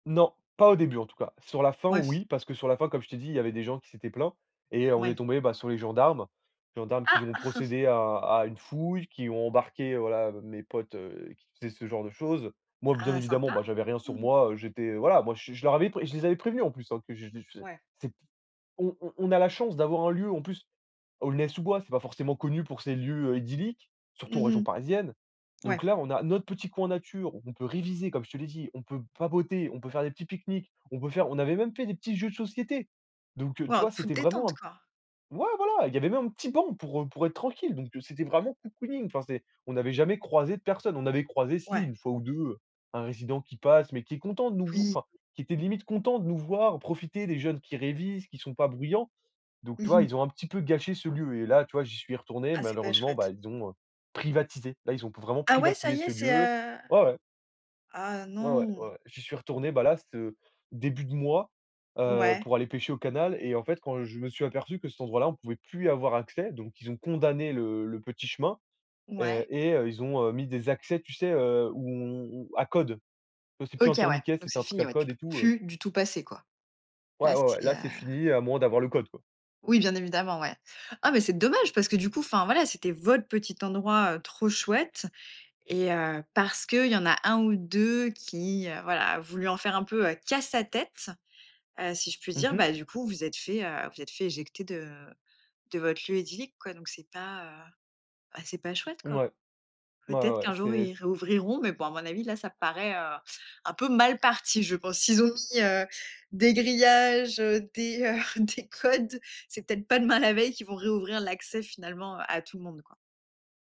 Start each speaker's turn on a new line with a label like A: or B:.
A: Non, pas au début en tout cas. Sur la fin
B: Ouais, c
A: oui, parce que sur la fin comme je t'ai dit, il y avait des gens qui s'étaient plaints et heu, on est
B: Ouais.
A: tombés bah, sur les gendarmes. Gendarmes qui
B: Ah!
A: ont procédé à à une fouille, qui ont embarqué voilà mes potes, heu, qui faisaient ce genre de choses. Moi bien
B: Ah,
A: évidemment,
B: sympa.
A: ben j'avais rien sur
B: Mmh.
A: moi, heu, j'étais voilà, moi je je leur avais pré et je les avais prévenu en plus, hein, que [unintelligible]
B: Ouais.
A: c'ét on on a la chance d'avoir un lieu en plus, Aulnay-sous-Bois, c'est pas forcément connu pour ses lieux, heu, idylliques, surtout en
B: Mmh
A: région
B: mh.
A: parisienne,
B: Ouais.
A: donc là on a notre petit coin nature où on peut réviser comme je te l'ai dit, on peut papoter, on peut faire des petits pique-niques. On peut faire on avait même fait des petits jeux de société donc heu, tu
B: Waouh,
A: vois?
B: toute
A: C'était vraiment
B: détente,
A: un
B: quoi.
A: ouais voilà, il y avait même un petit banc pour, heu, pour être tranquille, donc heu, c'était vraiment cocooning. Enfin c'est on n'avait jamais croisé de personnes. On avait croisé si,
B: Ouais.
A: 1 fois ou 2, heu, un résident qui passe, mais qui est content de nous v
B: Oui.
A: enfin qui était limite content de nous voir profiter. Des jeunes qui révisent, qui sont pas bruyants donc tu
B: Mmh
A: vois?
B: mh.
A: Ils ont un petit peu gâché ce lieu et là tu vois? J'y suis retourné.
B: Ah, c'est pas
A: Malheureusement bah,
B: chouette.
A: ils ont, heu, privatisé. Là ils ont vraiment
B: Ah ouais, ça
A: privatisé
B: y est,
A: ce
B: c'est,
A: lieu.
B: heu,
A: Ouais ouais.
B: ah
A: Ouais ouais,
B: non.
A: ouais ouais. J'y suis retourné, bah là, ce début de mois, heu,
B: Ouais.
A: pour aller pêcher au canal et en fait quand je me suis aperçu que cet endroit là on pouvait plus avoir accès, donc ils ont condamné le le petit chemin et
B: Ouais.
A: et heu, ils ont, heu, mis des accès tu sais, heu, ou on à code. C'est plus un
B: OK, ouais,
A: tourniquet,
B: donc
A: c'était
B: c'est
A: un truc
B: fini,
A: à
B: ouais, tu
A: code et
B: peux
A: tout, heu
B: plus du tout passer, quoi. Là,
A: Ouais, ouais, ouais,
B: c'est heu
A: là, c'est fini, à moins d'avoir le code, quoi.
B: Oui, bien évidemment, ouais. Ah, mais c'est dommage parce que du coup enfin voilà c'était votre petit endroit, heu, trop chouette et heu, parce qu'il y en a 1 ou 2 qui, heu, voilà a voulu en faire un peu, heu, qu'à sa tête, heu, si je puis
A: Mmh
B: dire,
A: mh.
B: bah du coup, vous vous êtes fait, heu, vous êtes fait éjecter de de votre lieu idyllique, quoi, donc c'est pas, heu, ben c'est pas chouette quoi.
A: Ouais, ouais,
B: Peut-être
A: ouais,
B: qu'un jour
A: c'est s
B: ils réouvriront, mais bon à mon avis là ça paraît, heu, un peu mal parti je pense. S'ils ont mis, heu, des grillages, heu, des, heu, des codes, c'est peut-être pas demain la veille qu'ils vont réouvrir l'accès finalement à tout le monde quoi.